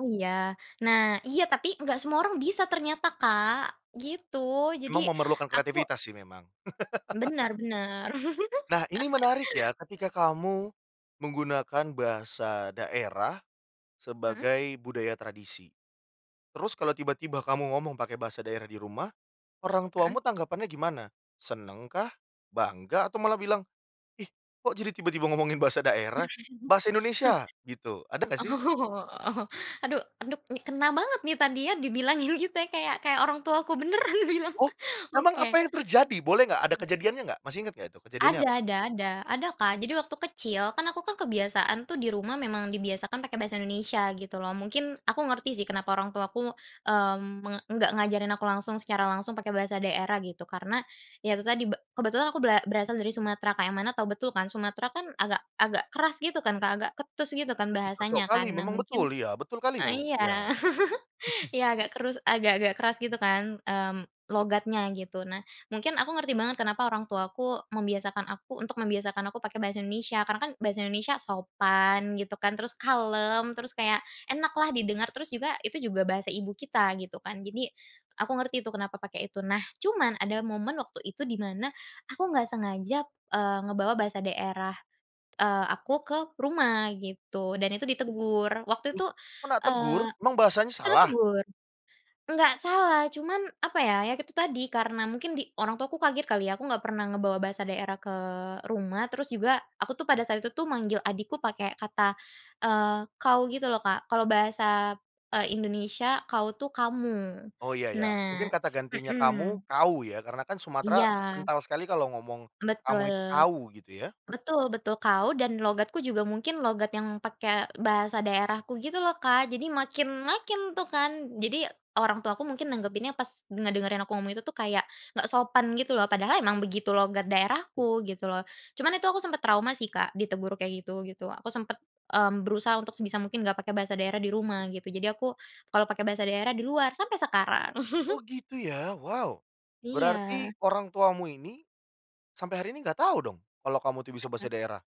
Iya, nah iya. Tapi, enggak semua orang bisa ternyata, Kak, gitu. Jadi, Emang memerlukan aku kreativitas, sih, memang. Benar benar. Nah, ini menarik ya, ketika kamu menggunakan bahasa daerah Mhm. sebagai budaya tradisi, terus kalau tiba-tiba kamu ngomong pakai bahasa daerah di rumah, orang Heeh. tuamu tanggapannya gimana? Senengkah? Bangga? Atau malah bilang, "Ih, kok, jadi tiba-tiba ngomongin bahasa daerah?" Bahasa Indonesia? Gitu. Ada, enggak, sih? Oh. Aduh, aduh, ni kena banget nih. Tadinya dibilangin gitu ya kayak, kayak orang tuaku beneran bilang, Oh, emang oke. apa yang terjadi? Boleh, enggak? Ada Mhm. kejadiannya, enggak? Masih inget enggak itu kejadiannya Ada apa? ada ada, ada Kak. Jadi, waktu kecil, kan, aku, kan, kebiasaan tuh di rumah memang dibiasakan pakai bahasa Indonesia, gitu, loh. Mungkin aku ngerti, sih, kenapa orang tuaku, mmm, me enggak ngajarin aku langsung, secara langsung pakai bahasa daerah, gitu, karena ya itu tadi, be kebetulan aku bera berasal dari Sumatera, Kak. Yang mana tahu betul kan, Sumatera kan agak-agak keras, gitu, kan, Kak. Agak ketus gitu kan Ih, cocok bahasanya, kali, kan. Nah, memang, mungkin betul, iya, betul kali itu, eee iya, iya. ya agak keras, agak-agak keras, gitu kan, mmm, logatnya gitu. Nah, mungkin aku ngerti banget kenapa orang tuaku membiasakan aku, untuk membiasakan aku pakai bahasa Indonesia, karena kan bahasa Indonesia sopan, gitu kan, terus kalem, terus kayak enak lah didengar, terus juga itu juga bahasa ibu kita, gitu kan. Jadi, aku ngerti tu kenapa pakai itu. Nah, cuman ada momen waktu itu di mana, aku nggak sengaja, eee, ngebawa bahasa daerah, eee, aku ke rumah gitu dan itu ditegur waktu Loh! itu, Kenak tegur? eee Emang bahasanya kena salah? tegur. Enggak salah, cuman apa ya. Ya itu tadi, karena mungkin di orang tuaku kaget kali ya, aku enggak pernah ngebawa bahasa daerah ke rumah, terus juga aku tuh, pada saat itu tuh, manggil adikku pakai kata, eee, "kau" gitu loh, Kak. Kalau bahasa, eee, Indonesia "kau" tuh "kamu," Oh, iya iya. Mungkin nah kata gantinya heeh. kamu, kau, ya, karena kan, Sumatera Iya. kental sekali kalau ngomong, "kamu" itu Betul. "kau," gitu, ya. Betul betul. Kau dan logatku juga mungkin logat yang pakai bahasa daerahku, gitu loh, Kak. Jadi, makin makin, tuh, kan. Jadi, orang tuaku mungkin nanggepinnya pas ngedengerin aku ngomong itu tuh, kayak enggak sopan, gitu loh. Padahal emang begitu logat daerahku, gitu loh. Cuman itu aku sempat trauma, sih, Kak. Ditegur kayak gitu, gitu. Aku sempet, mmm, berusaha untuk sebisa mungkin enggak pakai bahasa daerah di rumah, gitu. Jadi, aku kalau pakai bahasa daerah di luar sampai sekarang. Oh, gitu ya, wow Berarti Iya. orang tuamu ini, sampai hari ini enggak tahu dong kalau kamu tuh bisa bahasa Heeh. daerah?